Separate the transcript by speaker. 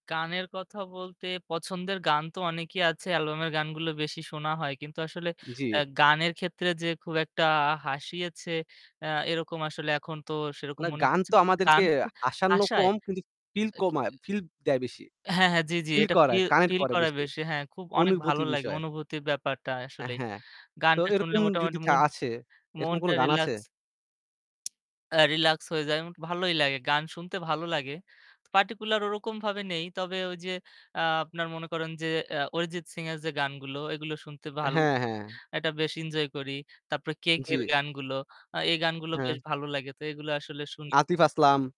Speaker 1: গানের কথা বলতে, পছন্দের গান তো অনেকই আছে। অ্যালবাম-এর গানগুলো বেশি শোনা হয়। কিন্তু আসলে অ্যা
Speaker 2: জি।
Speaker 1: গানের ক্ষেত্রে যে খুব একটা হাসিয়েছে, অ্যা এরকম আসলে এখন তো সেরকম
Speaker 2: না,
Speaker 1: মনে
Speaker 2: গান তো
Speaker 1: পড়ছেনা
Speaker 2: আমাদেরকে
Speaker 1: গান হচ্ছে
Speaker 2: হাসানো
Speaker 1: হাসায়
Speaker 2: কম, কিন্তু ফিল
Speaker 1: আ কী
Speaker 2: কমায়
Speaker 1: আ
Speaker 2: ফিল দেয় বেশি।
Speaker 1: হ্যাঁ, হ্যাঁ। জি, জি।
Speaker 2: ফিল
Speaker 1: এটা ফি
Speaker 2: করায়, কানেক্ট
Speaker 1: ফিল
Speaker 2: করে
Speaker 1: করায়
Speaker 2: বেশি।
Speaker 1: বেশি। হ্যাঁ, খুব অনেক ভালো
Speaker 2: অনুভূতি
Speaker 1: লাগে
Speaker 2: বিষয়।
Speaker 1: অনুভূতির ব্যাপারটা
Speaker 2: অ্যা
Speaker 1: আসলেই।
Speaker 2: হ্যাঁ। তো
Speaker 1: গানটা শুনলে
Speaker 2: এরকম যদি
Speaker 1: মোটামুটি
Speaker 2: থা
Speaker 1: মন
Speaker 2: আসে, এরকম কোনো
Speaker 1: মনটা
Speaker 2: গান আছে?
Speaker 1: রিল্যাক্স অ্যা রিল্যাক্স হয়ে যায় এমন কি ভালোই লাগে। গান শুনতে ভালো লাগে। ত পার্টিকুলার ওরকম ভাবে নেই। তবে ওই যে আ আপনার মনে করেন যে অ্যা Arijit Singh-এর যে গানগুলো, এগুলো শুনতে ভালো
Speaker 2: হ্যাঁ, হ্যাঁ।
Speaker 1: [unintelligible] এটা বেশ এনজয় করি। তারপরে KK-র
Speaker 2: জি।
Speaker 1: গানগুলো, আ এই গানগুলো
Speaker 2: হ্যাঁ।
Speaker 1: বেশ ভালো লাগে। তো এগুলা আসলে শুনি।
Speaker 2: Atif Aslam!